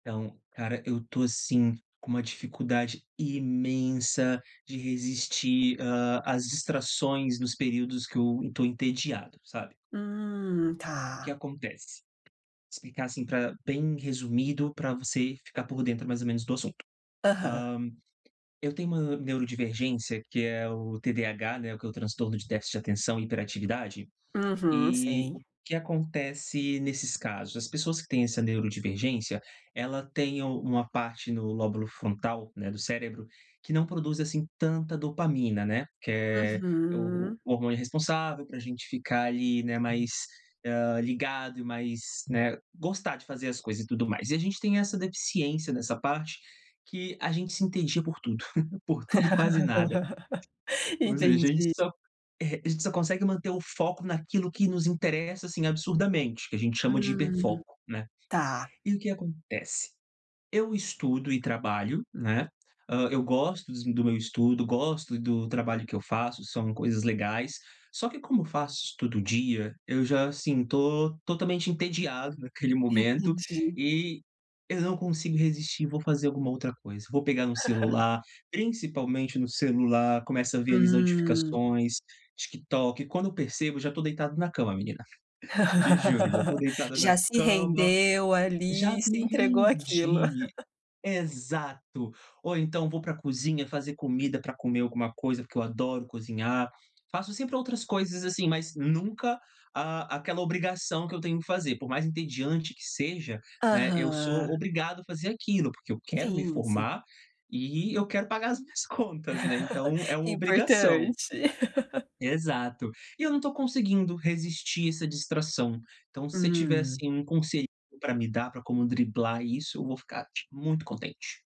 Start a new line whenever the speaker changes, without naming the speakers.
Então, cara, eu tô, assim, com uma dificuldade imensa de resistir, hã, às distrações nos períodos que eu tô entediado, sabe.
Hum,
O que
tá.
acontece? Explicar assim pra bem resumido pra você ficar por dentro mais ou menos do assunto. Hã,
Aham.
eu tenho uma neurodivergência que é o TDAH, né, que é o transtorno de déficit de atenção e hiperatividade,
Uhum,
e o
sei.
que acontece nesses casos? As pessoas que têm essa neurodivergência, ela tem uma parte no lóbulo frontal, né, do cérebro, que não produz, assim, tanta dopamina, né. Que é o
Uhum.
o o hormônio responsável pra gente ficar ali, né, mais, eh, ligado e mais, né gostar de fazer as coisas e tudo mais. E a gente tem essa deficiência nessa parte, que a gente se entendia por tudo, por tudo e quase nada. Ou seja, a gente
Entendi.
só eh, a gente só consegue manter o foco naquilo que nos interessa, assim, absurdamente, que a gente chama de
Hum,
hiperfoco, né.
tá.
E o que acontece? Eu estudo e trabalho, né, ah, eu gosto dos do meu estudo, gosto do trabalho que eu faço, são coisas legais, só que como eu faço isso todo dia, eu já, assim, tô totalmente entediado naquele momento
Entendi.
e eu não consigo resistir e vou fazer alguma outra coisa. Vou pegar no celular, principalmente no celular, começa a ver ali as
Hum.
notificações, TikTok, quando eu percebo já tô deitado na cama, menina. Te juro, já tô deitado na
Já se
cama
rendeu
Já
ali, se
me
entregou àquilo.
rendi. Exato, ou então vou pra cozinha fazer comida pra comer alguma coisa, porque eu adoro cozinhar. Faço sempre outras coisas, assim, mas nunca, ah, aquela obrigação que eu tenho que fazer, por mais entediante que seja, né, eu sou
Aham.
obrigado a fazer aquilo, porque eu quero me
Sim, sim.
formar, e eu quero pagar as minhas contas, né, então é uma obrigação.
Importante.
Exato. E eu não tô conseguindo resistir essa distração. Então, se você tiver,
Hum.
assim, um conselho pra me dar pra como driblar isso, eu vou ficar, tipo, muito contente.